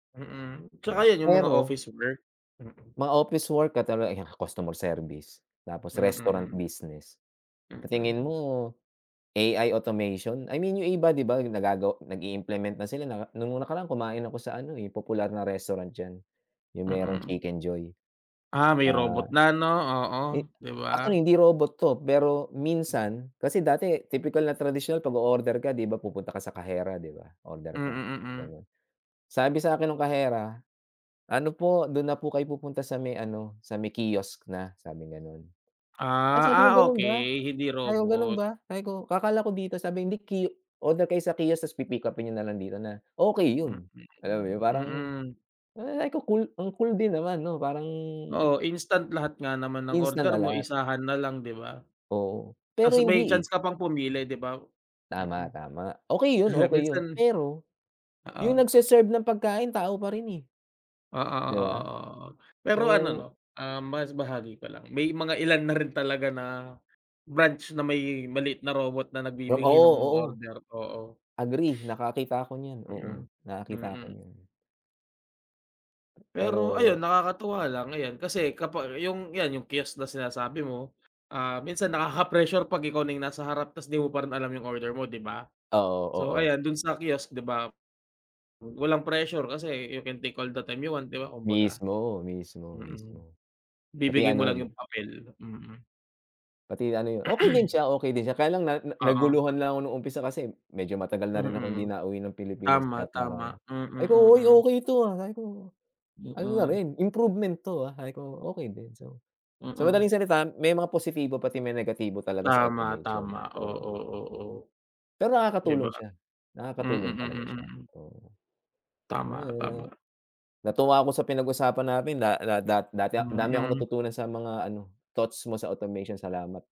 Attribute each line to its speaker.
Speaker 1: Mm,
Speaker 2: Hindi ba,
Speaker 1: tsaka iyon yung mga
Speaker 2: pero
Speaker 1: office work, mm.
Speaker 2: Mga office work katulad yan customer service, tapos
Speaker 1: Mm,
Speaker 2: restaurant
Speaker 1: mm.
Speaker 2: business. Sa tingin
Speaker 1: Mm.
Speaker 2: mo, AI automation? I mean, yung iba, hindi ba nagago nag-i-implement na sila na noong nakaraan kumain ako sa ano, eh, popular na restaurant diyan. Yung merong
Speaker 1: Mm.
Speaker 2: Chicken Joy.
Speaker 1: Ah, may
Speaker 2: Ah,
Speaker 1: robot na ano, oo,
Speaker 2: eh,
Speaker 1: hindi ba?
Speaker 2: actually hindi robot 'to, pero minsan kasi, dati, tipikal na tradisyon, kapag o-order ka, hindi ba, pupunta ka sa kahera, hindi ba, o-order
Speaker 1: Mm,
Speaker 2: ka,
Speaker 1: mm.
Speaker 2: ganoon. Sabi sa akin nung kahera, "Ano po, doon na po kayo pupunta sa may ano, sa may kiosk na," sabing ganoon. Ay, sabi
Speaker 1: Ah,
Speaker 2: ko,
Speaker 1: ah,
Speaker 2: "Ganoon ba?"
Speaker 1: okey hindi
Speaker 2: Sabi ko, "Ganoon
Speaker 1: robot.
Speaker 2: ba?" Sabi ko, "Kakala ko dito." Sabi, "Hindi ki oorder kayo sa kiosk, tas pipick-upin niyo na lang dito na." Okey
Speaker 1: Mhm,
Speaker 2: iyon, alam mo iyon, parang
Speaker 1: mm.
Speaker 2: ah ko cool, ang cool din naman, ano, parang.
Speaker 1: Oo, instant lahat nga naman ng
Speaker 2: Ins na
Speaker 1: order mo,
Speaker 2: lalat.
Speaker 1: isahan na lang, hindi ba?
Speaker 2: Oo,
Speaker 1: Tapos
Speaker 2: pero
Speaker 1: may
Speaker 2: hindi,
Speaker 1: chance
Speaker 2: eh.
Speaker 1: ka pang pumili, hindi ba? Mm.
Speaker 2: Tama, tama, okey iyon, okey iyon,
Speaker 1: Minsan.
Speaker 2: pero iyong
Speaker 1: Oo.
Speaker 2: nagseserve ng pagkain, tao pa rin eh.
Speaker 1: Oo,
Speaker 2: Hindi
Speaker 1: oo,
Speaker 2: ba?
Speaker 1: oo, oo, pero ano, ano,
Speaker 2: So.
Speaker 1: um, mas bahagi ko lang, may mga ilan na rin talaga na branch na may maliit na robot na
Speaker 2: Iyong,
Speaker 1: nagbibigay ng
Speaker 2: oo,
Speaker 1: mga
Speaker 2: oo.
Speaker 1: order, oo.
Speaker 2: Agree, nakakita ako niyan. Oo,
Speaker 1: Mm,
Speaker 2: nakakita ako
Speaker 1: mm.
Speaker 2: niyan.
Speaker 1: Pero ayun,
Speaker 2: Pero
Speaker 1: nakakatuwa lang, ayan, kasi kapag iyong, iyan iyong kiosk na sinasabi mo, ah, minsan nakaka-pressure kapag ikaw na iyong nasa harap, tapos hindi mo pa rin alam iyong order mo, hindi ba?
Speaker 2: Oo,
Speaker 1: So,
Speaker 2: oo.
Speaker 1: ayan doon sa kiosk, hindi ba? Wa walang pressure kasi you can take all the time you want, di ba, kumbaga,
Speaker 2: Mismo, mismo,
Speaker 1: mm,
Speaker 2: mismo, pati
Speaker 1: ibibigay mo
Speaker 2: ano,
Speaker 1: lang yung
Speaker 2: 'no.
Speaker 1: papel, mm.
Speaker 2: Pati ano iyon, okey din siya okey din siya, kaya lang na na
Speaker 1: Oo.
Speaker 2: naguluhan lang ako noong umpisa kasi medyo matagal na rin akong hindi
Speaker 1: Mm,
Speaker 2: nauwi ng Pilipinas
Speaker 1: tama,
Speaker 2: kaya
Speaker 1: tama,
Speaker 2: parang,
Speaker 1: mm,
Speaker 2: ay ko
Speaker 1: mm.
Speaker 2: okey ito, ah, sabi ko ano na
Speaker 1: Mm.
Speaker 2: rin improvement to, ah, sabi ko "Okey din" so. So madaling
Speaker 1: Mm.
Speaker 2: salita, may mga positibo pati may negatibo talaga sa
Speaker 1: Tama,
Speaker 2: automation
Speaker 1: tama,
Speaker 2: so.
Speaker 1: oo, oo.
Speaker 2: Pero
Speaker 1: Hindi ba?
Speaker 2: nakakatulong siya,
Speaker 1: Mm,
Speaker 2: nakakatulong
Speaker 1: mm,
Speaker 2: talaga siya,
Speaker 1: mm.
Speaker 2: oo. Alam mo
Speaker 1: Tama,
Speaker 2: iyon na
Speaker 1: tama.
Speaker 2: natuwa ako sa pinag-usapan natin da da da dati a dami akong
Speaker 1: Mm.
Speaker 2: natutunan sa mga ano, thoughts mo sa automation, salamat.